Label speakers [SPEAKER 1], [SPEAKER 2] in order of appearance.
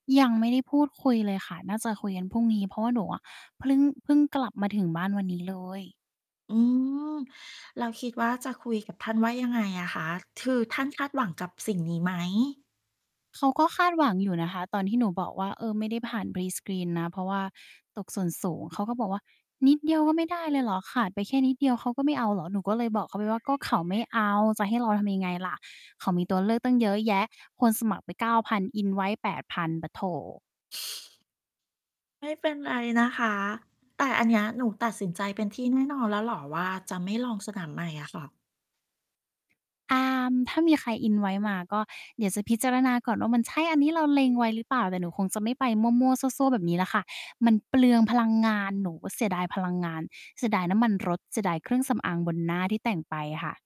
[SPEAKER 1] ยังไม่ได้พูดคุยเลยค่ะ น่าจะคุยกันพรุ่งนี้ เพราะว่าหนูอะ เพลิ่ง เพิ่งกลับมาถึงบ้านวันนี้เลย
[SPEAKER 2] อืม แล้วคิดว่าจะคุยกับท่านว่ายังไงอะคะ คือท่านคาดหวังกับสิ่งนี้ไหม?
[SPEAKER 1] เขาก็คาดหวังอยู่นะคะ ตอนที่หนูบอกว่า เอ่อ "ไม่ได้ผ่าน prescreen นะ เพราะว่าตกส่วนสูง" เขาก็บอกว่า "นิดเดียวก็ไม่ได้เลยเหรอ? ขาดไปแค่นิดเดียวเขาก็ไม่เอาเหรอ?" หนูก็เลยบอกเขาไปว่า "ก็เขาไม่เอา จะให้เราทำยังไงล่ะ? เขามีตัวเลือกตั้งเยอะแยะ คนสมัครไป 9,000" invite 8,000 ปัดโธ่
[SPEAKER 2] ไม่เป็นไรนะคะ แต่อันเนี้ยหนูตัดสินใจเป็นที่แน่นอนแล้วเหรอว่า จะไม่ลองสนามใหม่อะค่ะ?
[SPEAKER 1] อ่า ถ้ามีใคร invite มา ก็เดี๋ยวจะพิจารณาก่อนว่า มันใช่อันนี้เราเล็งไว้ หรือเปล่า แต่หนูคงจะไม่ไปมั่ว ๆ ซั่ว ๆ แบบนี้แหละค่ะ มันเปลืองพลังงาน หนูเสียดายพลังงาน เสียดายน้ำมันรถ เสียดายเครื่องสำอางบนหน้าที่แต่งไปอะค่ะ